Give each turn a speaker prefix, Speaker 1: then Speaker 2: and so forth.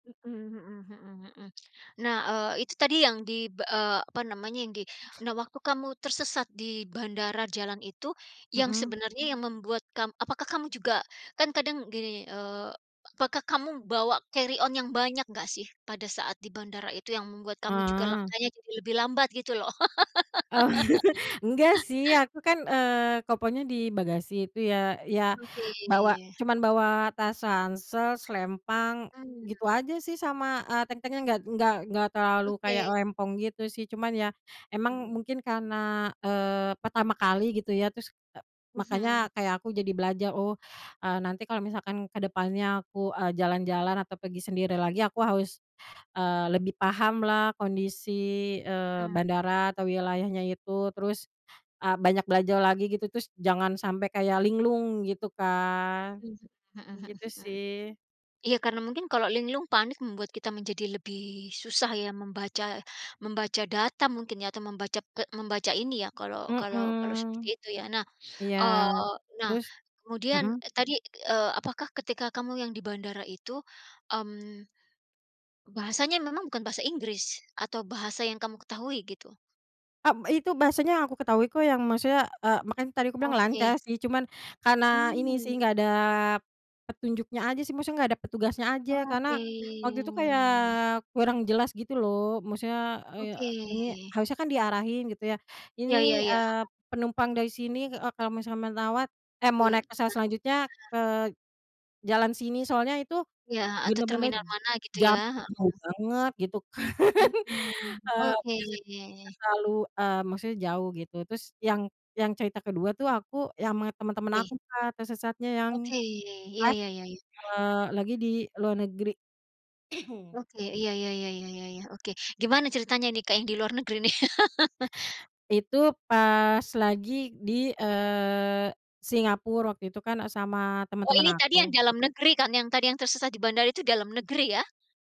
Speaker 1: Mhm mhm mhm mhm, nah, eee, itu tadi yang di, eee, apa namanya yang di nah waktu kamu tersesat di bandara jalan itu, yang
Speaker 2: Mhm.
Speaker 1: sebenarnya yang membuat kam apakah kamu juga kan kadang gini, eee, apakah kamu bawa carry on yang banyak enggak sih pada saat di bandara itu yang membuat kamu juga
Speaker 2: Heeh.
Speaker 1: langkanya jadi lebih lambat gitu loh?
Speaker 2: Enggak sih aku kan, eee, kopernya di bagasi itu ya, ya
Speaker 1: Oke.
Speaker 2: bawa cuman bawa tas ransel, selempang,
Speaker 1: Mmm.
Speaker 2: gitu aja sih sama, eee, tentengan enggak enggak enggak terlalu kayak
Speaker 1: Oke.
Speaker 2: rempong gitu sih cuman ya emang
Speaker 1: Mmm.
Speaker 2: mungkin karena, eee, pertama kali gitu ya terus, e makanya
Speaker 1: Mhm.
Speaker 2: kayak aku jadi belajar oh, eee, nanti kalau misalkan kedepannya aku, eee, jalan-jalan atau pergi sendiri lagi aku harus, eee, lebih pahamlah kondisi, eee,
Speaker 1: Mhm mhm.
Speaker 2: bandara atau wilayahnya itu terus, eee, banyak belajar lagi gitu terus jangan sampai kayak linglung gitu kan,
Speaker 1: Mmm, mhm
Speaker 2: gitu
Speaker 1: mhm,
Speaker 2: sih.
Speaker 1: iya karena mungkin kalau linglung panik membuat kita menjadi lebih susah ya membaca membaca data mungkin ya atau membaca pe membaca ini ya kalau kalau kalau seperti
Speaker 2: Mhm,
Speaker 1: itu ya nah,
Speaker 2: iya
Speaker 1: eee, nah
Speaker 2: terus,
Speaker 1: kemudian
Speaker 2: mhm.
Speaker 1: tadi, eee, apakah ketika kamu yang di bandara itu, mmm, bahasanya memang bukan Bahasa Inggris, atau bahasa yang kamu ketahui gitu?
Speaker 2: Kan itu bahasanya yang aku ketahui kok yang maksudnya, eee, makanya tadi aku bilang
Speaker 1: Oke.
Speaker 2: lancar sih cuman, karena ini sih
Speaker 1: Mmm.
Speaker 2: nggak ada, petunjuknya aja sih maksudnya gak ada petugasnya aja karena,
Speaker 1: Oke.
Speaker 2: waktu itu kayak kurang jelas gitu loh maksudnya, eee,
Speaker 1: Oke.
Speaker 2: ini harusnya kan diarahin gitu ya
Speaker 1: Ya ya
Speaker 2: ini,
Speaker 1: ya, mhm.
Speaker 2: eee, penumpang dari sini e kalau misalnya menawat eh, mau
Speaker 1: Yuk,
Speaker 2: naik pesawat
Speaker 1: transit, heeh.
Speaker 2: selanjutnya ke jalan sini soalnya itu,
Speaker 1: Iya atau
Speaker 2: bener-bener
Speaker 1: terminal mana gitu
Speaker 2: jauh
Speaker 1: ya, heeh.
Speaker 2: banget gitu kan,
Speaker 1: Mhm,
Speaker 2: heeh,
Speaker 1: oke.
Speaker 2: biasanya gak terlalu eee, maksudnya jauh gitu terus yang yang cerita kedua tuh aku yang ama temen-temen
Speaker 1: Oke.
Speaker 2: aku Kak tersesatnya yang,
Speaker 1: Oke iya
Speaker 2: pas,
Speaker 1: iya iya.
Speaker 2: eee, lagi di luar negeri
Speaker 1: Oke, iya iya iya iya iya iya, oke gimana ceritanya nih Kak yang di luar negeri nih?
Speaker 2: Itu pas lagi di, eee, Singapura waktu itu kan sama
Speaker 1: Oh
Speaker 2: teman-teman
Speaker 1: ini tadi yang
Speaker 2: aku.
Speaker 1: dalam negeri kan yang tadi yang tersesat di bandara itu dalam negeri ya?